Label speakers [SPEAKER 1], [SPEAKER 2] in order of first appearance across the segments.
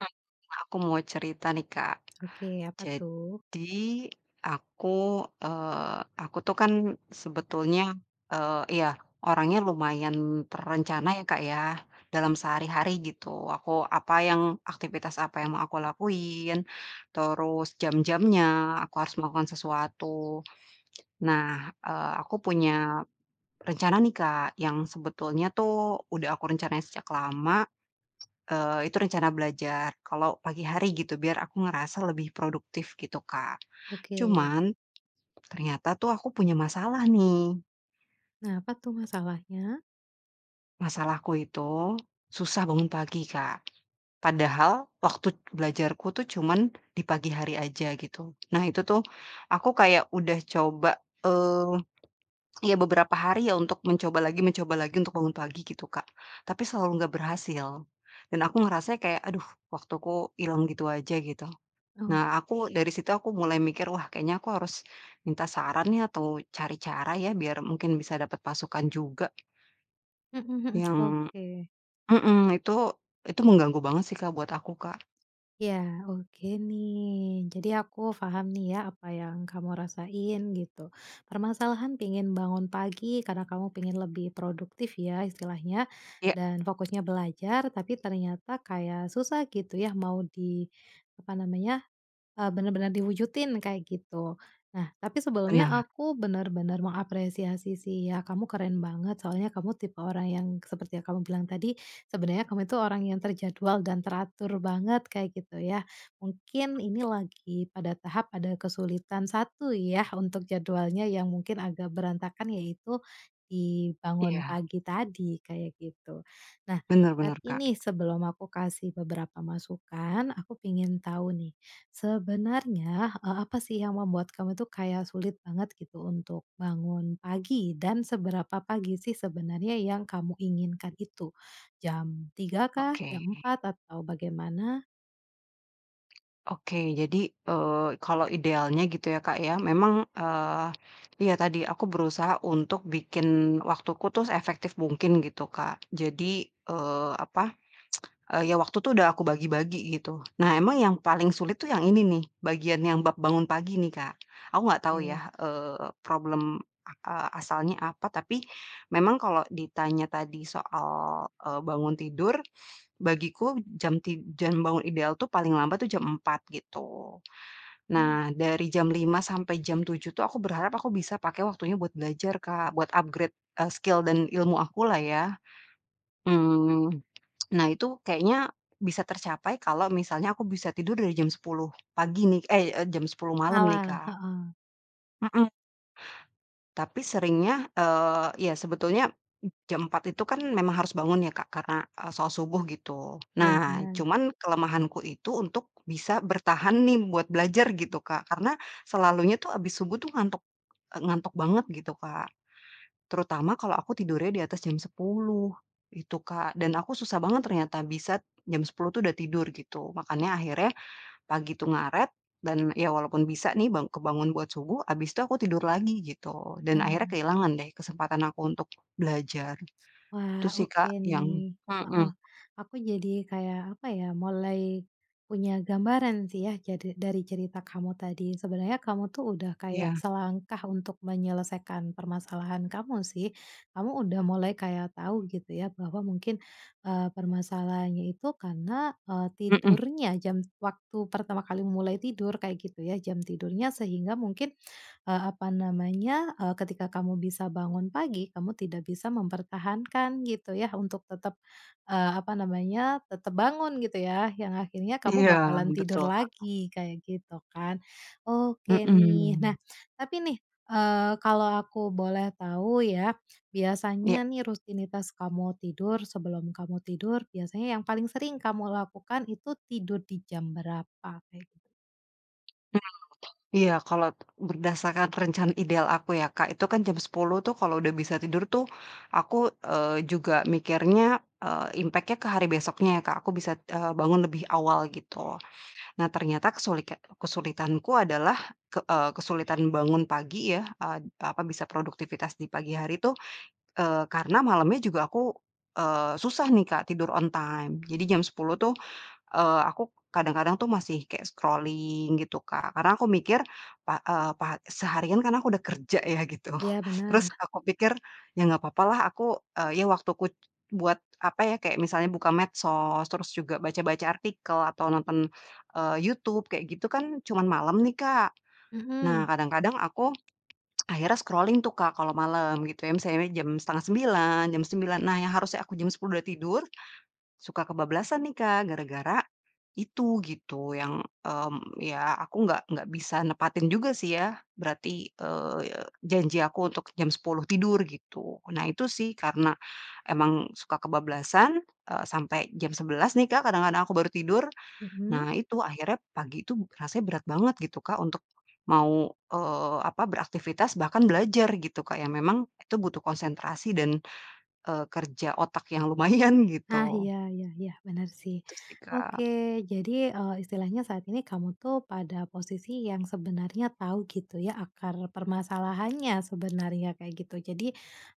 [SPEAKER 1] [unintelligible] Kak, aku mau cerita nih, Kak.
[SPEAKER 2] Oke, apa tuh?
[SPEAKER 1] Jadi, aku, eee, aku tuh kan sebetulnya, eee, iya, orangnya lumayan terencana ya, Kak ya, dalam sehari-hari gitu, aku apa yang aktivitas apa yang mau aku lakuin, terus jam-jamnya, aku harus melakukan sesuatu, nah, eee, aku punya rencana nih Kak yang sebetulnya tuh udah aku rencanain sejak lama, eee, itu rencana belajar kalau pagi hari gitu, biar aku ngerasa lebih produktif gitu, Kak.
[SPEAKER 2] Oke.
[SPEAKER 1] Cuman ternyata tuh aku punya masalah nih.
[SPEAKER 2] Nah apa tuh masalahnya?
[SPEAKER 1] Masalahku itu susah bangun pagi Kak, padahal waktu belajarku tuh cuman di pagi hari aja gitu, nah itu tuh aku kayak udah coba, eee, ya beberapa hari ya untuk mencoba lagi mencoba lagi, untuk bangun pagi gitu Kak, tapi selalu gak berhasil dan aku ngerasanya kayak, aduh, waktuku ilang gitu aja, gitu.
[SPEAKER 2] Oh.
[SPEAKER 1] Nah, aku dari situ, aku mulai mikir wah kayaknya aku harus minta saran nih atau cari cara ya biar mungkin bisa dapat pasukan juga.
[SPEAKER 2] Mhm mhm.
[SPEAKER 1] Yang
[SPEAKER 2] Oke.
[SPEAKER 1] mhm, itu, itu mengganggu banget sih Kak, buat aku, Kak.
[SPEAKER 2] Iya, oke nih. Jadi aku paham nih ya apa yang kamu rasain gitu, permasalahan pingin bangun pagi karena kamu pingin lebih produktif ya istilahnya
[SPEAKER 1] Iya.
[SPEAKER 2] dan fokusnya belajar, tapi ternyata kayak susah gitu ya, mau di apa namanya, eee, bener-bener diwujudin, kayak gitu. Nah, tapi sebelumnya
[SPEAKER 1] Benar.
[SPEAKER 2] aku bener-bener mengapresiasi sih ya, kamu keren banget, soalnya kamu tipe orang yang seperti yang kamu bilang tadi, sebenarnya kamu itu orang yang terjadwal dan teratur banget kayak gitu ya, mungkin ini lagi pada tahap ada kesulitan satu ya, untuk jadwalnya yang mungkin agak berantakan yaitu di bangun
[SPEAKER 1] Iya.
[SPEAKER 2] pagi tadi, kayak gitu. Nah
[SPEAKER 1] Benar benar,
[SPEAKER 2] tapi
[SPEAKER 1] Kak.
[SPEAKER 2] nih sebelum aku kasih beberapa masukan, aku pingin tahu nih, sebenarnya, eee, apa sih yang membuat kamu tuh kayak sulit banget gitu untuk bangun pagi, dan seberapa pagi sih sebenarnya yang kamu inginkan itu? Jam 3.00 kah,
[SPEAKER 1] Oke.
[SPEAKER 2] jam 4.00 atau bagaimana?
[SPEAKER 1] Oke, jadi, eee, kalo idealnya gitu ya Kak ya, memang, eee, iya tadi, aku berusaha untuk bikin waktuku tuh seefektif mungkin gitu Kak, jadi, eee, apa, eee, ya waktu tuh udah aku bagi-bagi gitu. Nah emang yang paling sulit tuh yang ini nih, bagian yang bab bangun pagi nih, Kak. Aku gak tau
[SPEAKER 2] Oke.
[SPEAKER 1] ya, eee, problem, eee, asalnya apa tapi memang kalau ditanya tadi soal, eee, bangun tidur, bagiku jam tid jam bangun ideal tuh paling lambat tuh jam 4.00 gitu,
[SPEAKER 2] Hmm.
[SPEAKER 1] nah, dari jam 5.00 sampai jam 7.00 tuh aku berharap aku bisa pakai waktunya buat belajar Kak, buat upgrade, eee, skill dan ilmu aku lah ya. Mmm, nah itu kayaknya bisa tercapai kalau misalnya aku bisa tidur dari jam 10.00 pagi nih ey, eee, jam 10 malam nih,
[SPEAKER 2] Malam.
[SPEAKER 1] Kak.
[SPEAKER 2] Heeh.
[SPEAKER 1] Mhm. Tapi seringnya, eee, ya sebetulnya jam 4.00 itu kan memang harus bangun ya Kak, karena, eee, sholat subuh, gitu.
[SPEAKER 2] Iya,
[SPEAKER 1] Nah,
[SPEAKER 2] bener.
[SPEAKER 1] cuman kelemahanku itu untuk bisa bertahan nih buat belajar gitu Kak, karena selalunya tuh habis subuh tuh ngantuk, eee, ngantuk banget gitu Kak, terutama kalau aku tidurnya di atas jam 10.00, gitu Kak, dan aku susah banget ternyata bisa jam 10.00 tuh udah tidur gitu, makanya akhirnya pagi itu ngaret dan ya walaupun bisa nih bang kebangun buat subuh, abis itu aku tidur lagi, gitu. Dan akhirnya
[SPEAKER 2] Nah.
[SPEAKER 1] kehilangan deh kesempatan aku untuk belajar. Itu
[SPEAKER 2] Wah,
[SPEAKER 1] sih
[SPEAKER 2] oke
[SPEAKER 1] Kak, yang
[SPEAKER 2] nih, heeh,
[SPEAKER 1] mhm.
[SPEAKER 2] aku jadi kayak apa ya, mulai punya gambaran sih ya, jadi dari cerita kamu tadi, sebenarnya kamu tuh udah kayak
[SPEAKER 1] Iya.
[SPEAKER 2] selangkah untuk menyelesaikan permasalahan kamu sih, kamu udah mulai kayak tahu gitu ya bahwa mungkin, eee, permasalahannya itu karena, eee,
[SPEAKER 1] Mhm.
[SPEAKER 2] tidurnya, jam waktu pertama kali mulai tidur kayak gitu ya, jam tidurnya, sehingga mungkin, eee, apa namanya, eee, ketika kamu bisa bangun pagi, kamu tidak bisa mempertahankan gitu ya untuk tetap, eee, apa namanya tetap bangun gitu ya, yang akhirnya kamu
[SPEAKER 1] Iya,
[SPEAKER 2] bakalan tidur
[SPEAKER 1] betul Kak.
[SPEAKER 2] lagi, kayak gitu kan. Oke nih,
[SPEAKER 1] Mhm.
[SPEAKER 2] nah tapi nih, eee, kalau aku boleh tahu ya,
[SPEAKER 1] Iya.
[SPEAKER 2] biasanya nih rutinitas kamu tidur sebelum kamu tidur biasanya yang paling sering kamu lakukan itu, tidur di jam berapa? Eh
[SPEAKER 1] [unintelligible] Iya, kalo berdasarkan rencana ideal aku ya Kak, itu kan jam 10.00 tuh kalau udah bisa tidur tuh aku, eee, juga mikirnya, eee, impact-nya ke hari besoknya ya Kak, aku bisa, eee, bangun lebih awal gitu. Nah ternyata kesulika kesulitanku adalah, k eee, kesulitan bangun pagi ya, eee, apa, bisa produktivitas di pagi hari tuh, eee, karena malamnya juga aku, eee, susah nih Kak, tidur on time. Jadi jam 10.00 tuh, eee, aku kadang-kadang tuh masih kaya scrolling, gitu Kak, karena aku mikir, pak eee, pak seharian kan aku udah kerja ya gitu,
[SPEAKER 2] Iya,
[SPEAKER 1] terus
[SPEAKER 2] bener.
[SPEAKER 1] aku pikir, ya gak papa lah aku, eee, ya waktuku buat apa ya, kayak misalnya buka medsos, terus juga baca-baca artikel, atau nonton, eee, YouTube, kayak gitu kan, cuman malam nih, Kak. Nah
[SPEAKER 2] Mhm.
[SPEAKER 1] kadang-kadang aku akhirnya scrolling tuh Kak kalau malam, gitu ya, misalnya jam 8.30, jam 9.00, nah yang harusnya aku jam 10.00 sudah tidur, suka kebablasan nih Kak, gara-gara itu, gitu, yang, mmm, ya aku nggak nggak bisa nepatin juga sih ya berarti, eee, janji aku untuk jam 10.00 tidur, gitu, nah itu sih karena emang suka kebablasan, eee, sampe jam 11.00 nih Kak kadang-kadang aku baru tidur,
[SPEAKER 2] Mhm.
[SPEAKER 1] nah itu, akhirnya pagi itu rasanya berat banget gitu Kak untuk mau, eee, apa, beraktivitas, bahkan belajar gitu Kak, yang memang itu butuh konsentrasi dan, eee, kerja otak yang lumayan,
[SPEAKER 2] Nah,
[SPEAKER 1] gitu.
[SPEAKER 2] iya iya iya, bener sih.
[SPEAKER 1] Gitu sih,
[SPEAKER 2] Oke,
[SPEAKER 1] Kak.
[SPEAKER 2] jadi, eee, istilahnya saat ini kamu tuh pada posisi yang sebenarnya tahu gitu ya akar permasalahannya sebenarnya kayak gitu, jadi,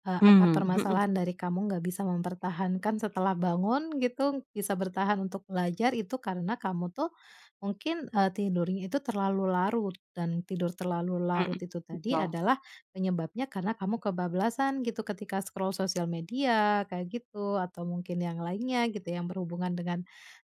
[SPEAKER 2] eee, akar
[SPEAKER 1] Mmm, mhm.
[SPEAKER 2] permasalahan dari kamu nggak bisa mempertahankan setelah bangun gitu, bisa bertahan untuk belajar itu karena kamu tuh mungkin, eee, tidurnya itu terlalu larut dan tidur terlalu larut
[SPEAKER 1] Mhm,
[SPEAKER 2] itu tadi
[SPEAKER 1] betul.
[SPEAKER 2] adalah penyebabnya karena kamu kebablasan gitu ketika scroll sosial media kayak gitu atau mungkin yang lainnya gitu yang berhubungan dengan,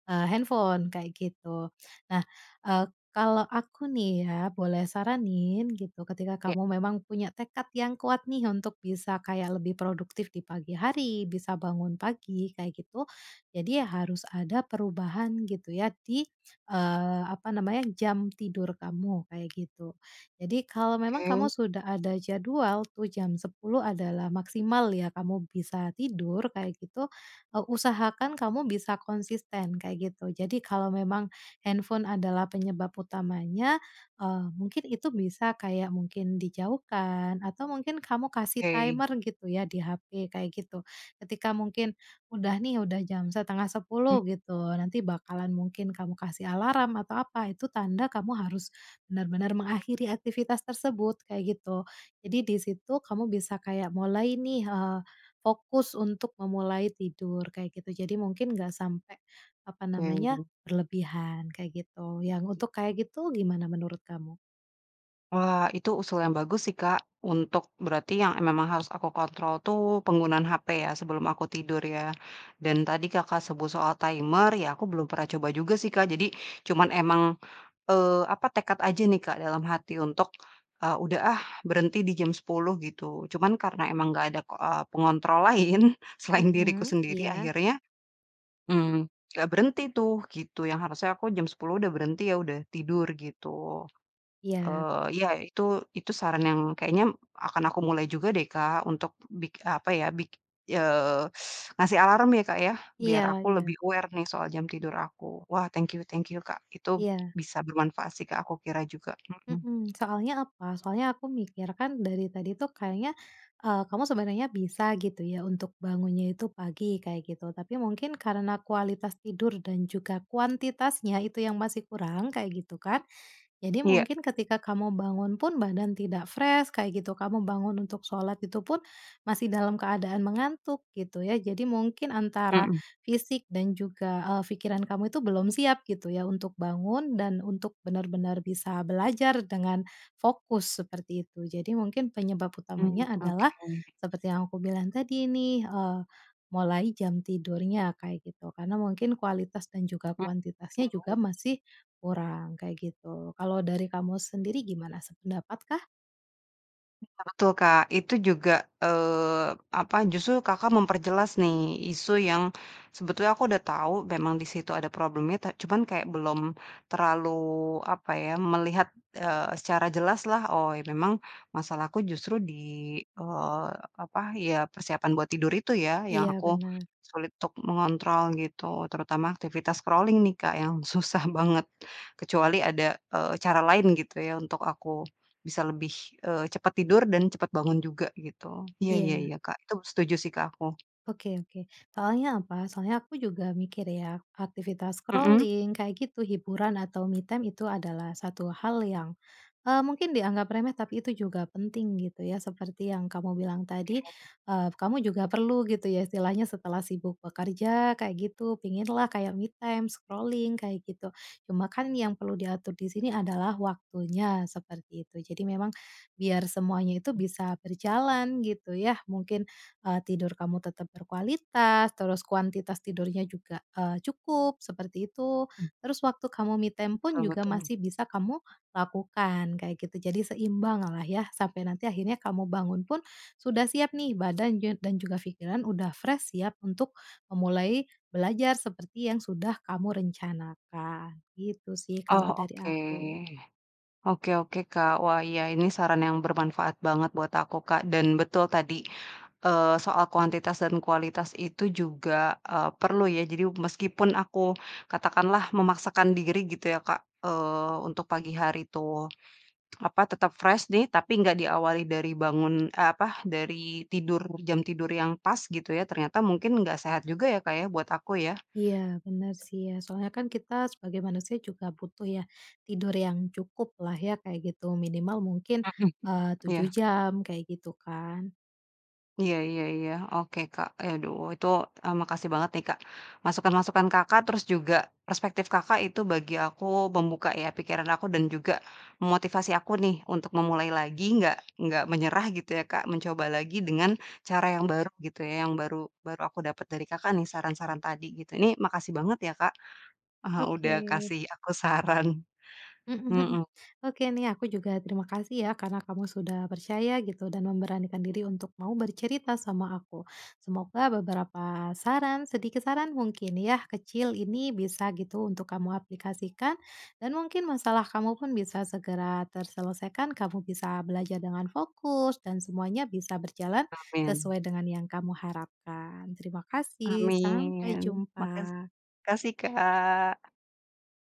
[SPEAKER 2] eee, handphone, kayak gitu. Nah, eee, kalo aku nih ya boleh saranin gitu, ketika
[SPEAKER 1] Iya.
[SPEAKER 2] kamu memang punya tekad yang kuat nih untuk bisa kayak lebih produktif di pagi hari, bisa bangun pagi kayak gitu, jadi harus ada perubahan gitu ya di, eee, apa namanya, jam tidur kamu, kayak gitu. Jadi kalo memang kamu
[SPEAKER 1] Oke.
[SPEAKER 2] sudah ada jadwal tuh, jam 10.00 adalah maksimal ya kamu bisa tidur, kayak gitu, eee, usahakan kamu bisa konsisten, kayak gitu, jadi kalo memang handphone adalah penyebab utamanya, eee, mungkin itu bisa kayak mungkin dijauhkan atau mungkin kamu kasih
[SPEAKER 1] Oke.
[SPEAKER 2] timer gitu ya di HP, kayak gitu, ketika mungkin udah nih udah jam 9.30
[SPEAKER 1] M
[SPEAKER 2] gitu, nanti bakalan mungkin kamu kasih alarm atau apa, itu tanda kamu harus bener-bener mengakhiri aktivitas tersebut, kayak gitu, jadi di situ kamu bisa kayak mulai nih, eee, fokus untuk memulai tidur, kayak gitu, jadi mungkin nggak sampe, apa namanya,
[SPEAKER 1] [unintelligible]
[SPEAKER 2] berlebihan, kayak gitu, yang untuk kayak gitu, gimana menurut kamu?
[SPEAKER 1] Wah, itu usul yang bagus sih Kak, untuk, berarti yang, eee, memang harus aku kontrol tuh penggunaan HP ya sebelum aku tidur ya? Dan tadi Kakak sebut soal timer, ya aku belum pernah coba juga sih Kak, jadi cuman emang, eee, apa, tekad aja nih Kak dalam hati untuk, eee, "Udah ah berhenti di jam 10.00," gitu. Cuman karena emang gak ada, eee, pengontrol lain selain diriku
[SPEAKER 2] Mhm,
[SPEAKER 1] sendiri,
[SPEAKER 2] iya?
[SPEAKER 1] akhirnya, mmm, gak berhenti tuh, gitu, yang harusnya aku jam 10.00 udah berhenti ya, udah tidur, gitu.
[SPEAKER 2] Iya.
[SPEAKER 1] Eee, ya, itu itu saran yang kayaknya akan aku mulai juga deh Kak untuk, bik apa ya, bik eee, ngasih alarm ya Kak ya? Biar
[SPEAKER 2] Iya
[SPEAKER 1] aku
[SPEAKER 2] iya.
[SPEAKER 1] lebih aware nih soal jam tidur aku. Wah thank you thank you Kak, itu
[SPEAKER 2] Iya.
[SPEAKER 1] bisa bermanfaat sih ke aku kira juga. Mhm.
[SPEAKER 2] Mhm. Soalnya apa? Soalnya aku mikir kan dari tadi tuh kayaknya, eee, kamu sebenarnya bisa gitu ya untuk bangunnya itu pagi, kayak gitu, tapi mungkin karena kualitas tidur dan juga kuantitasnya itu yang masih kurang, kayak gitu kan, jadi
[SPEAKER 1] Iya.
[SPEAKER 2] mungkin ketika kamu bangun pun badan tidak fresh kayak gitu, kamu bangun untuk sholat, itu pun masih dalam keadaan mengantuk, gitu ya. Jadi mungkin antara
[SPEAKER 1] Mhm.
[SPEAKER 2] fisik dan juga, eee, fikiran kamu itu belum siap, gitu ya, untuk bangun dan untuk bener-bener bisa belajar dengan fokus, seperti itu. Jadi mungkin penyebab
[SPEAKER 1] Mmm,
[SPEAKER 2] utamanya adalah
[SPEAKER 1] oke.
[SPEAKER 2] seperti yang aku bilang tadi nih, eee, mulai jam tidurnya kayak gitu, karena mungkin kualitas dan juga kuantitasnya juga
[SPEAKER 1] [unintelligible]
[SPEAKER 2] masih kurang, kayak gitu, kalau dari kamu sendiri gimana sependapat kah?
[SPEAKER 1] Betul Kak, itu juga, eee, apa, justru Kakak memperjelas nih, isu yang sebetulnya aku udah tau memang di situ ada problemnya, ta cuman kayak belum terlalu, apa ya, melihat, eee, secara jelas lah, oh, memang masalahku justru di, eee, apa, ya persiapan buat tidur itu ya, yang
[SPEAKER 2] Iya,
[SPEAKER 1] aku
[SPEAKER 2] bener.
[SPEAKER 1] sulit untuk mengontrol, gitu. Terutama aktivitas scrolling nih Kak yang susah banget, kecuali ada, eee, cara lain gitu ya untuk aku bisa lebih, eee, cepat tidur dan cepat bangun juga gitu. Iya iya
[SPEAKER 2] Iya.
[SPEAKER 1] iya Kak, itu setuju sih Kak, aku.
[SPEAKER 2] Oke oke, soalnya apa? Soalnya aku juga mikir ya aktivitas
[SPEAKER 1] Mhm.
[SPEAKER 2] scrolling, kayak gitu, hiburan atau me time itu adalah satu hal yang, eee, mungkin dianggap remeh, tapi itu juga penting, gitu ya, seperti yang kamu bilang
[SPEAKER 1] Oke.
[SPEAKER 2] tadi, eee, kamu juga perlu gitu ya istilahnya setelah sibuk bekerja, kayak gitu, pingin lah kayak me time, scrolling, kayak gitu, cuma kan yang perlu diatur di sini adalah waktunya, seperti itu. Jadi memang biar semuanya itu bisa berjalan gitu ya, mungkin, eee, tidur kamu tetap berkualitas, terus kuantitas tidurnya juga, eee, cukup, seperti itu,
[SPEAKER 1] Mmm.
[SPEAKER 2] terus waktu kamu me time pun
[SPEAKER 1] Betul
[SPEAKER 2] juga
[SPEAKER 1] betul.
[SPEAKER 2] masih bisa kamu lakukan, kayak gitu, jadi seimbang lah ya, sampai nanti akhirnya kamu bangun pun sudah siap nih badan jan dan juga pikiran udah fresh siap untuk memulai belajar seperti yang sudah kamu rencanakan, gitu sih
[SPEAKER 1] Oh,
[SPEAKER 2] kalau dari
[SPEAKER 1] oke.
[SPEAKER 2] aku.
[SPEAKER 1] Oke oke, Kak, wah iya ini saran yang bermanfaat banget buat aku Kak, dan betul tadi, eee, soal kuantitas dan kualitas itu juga, eee, perlu ya, jadi meskipun aku katakanlah memaksakan diri gitu ya Kak, eee, untuk pagi hari tuh, apa, tetap fresh nih, tapi enggak diawali dari bangun eh apa, dari tidur jam tidur yang pas gitu ya, ternyata mungkin ga sehat juga ya Kak ya, buat aku ya?
[SPEAKER 2] Iya, bener sih ya, soalnya kan kita sebagai manusia juga butuh ya tidur yang cukuplah ya, kayak gitu, minimal mungkin,
[SPEAKER 1] Mhm mhm,
[SPEAKER 2] eee, 7
[SPEAKER 1] iya.
[SPEAKER 2] jam, kayak gitu kan.
[SPEAKER 1] Iya iya iya. Oke Kak, aduh, itu, eee, makasih banget nih Kak masukan-masukan Kakak, terus juga perspektif Kakak, itu bagi aku membuka ya pikiran aku dan juga memotivasi aku nih untuk memulai lagi, gak gak menyerah gitu ya Kak, mencoba lagi dengan cara yang baru gitu ya, yang baru baru aku dapat dari Kakak nih saran-saran tadi, gitu. Ini makasih banget ya Kak, eee, udah
[SPEAKER 2] Oke.
[SPEAKER 1] kasih aku saran.
[SPEAKER 2] Mhm mhm.
[SPEAKER 1] Mhm.
[SPEAKER 2] Oke nih, aku juga terima kasih ya karena kamu sudah percaya gitu dan memberanikan diri untuk mau bercerita sama aku. Semoga beberapa saran, sedikit saran mungkin ya, kecil, ini bisa gitu untuk kamu aplikasikan dan mungkin masalah kamu pun bisa segera terselesaikan, kamu bisa belajar dengan fokus dan semuanya bisa berjalan
[SPEAKER 1] Amin.
[SPEAKER 2] sesuai dengan yang kamu harapkan. Terima kasih, sampai
[SPEAKER 1] Amin, makas
[SPEAKER 2] jumpa.
[SPEAKER 1] makasih Kak.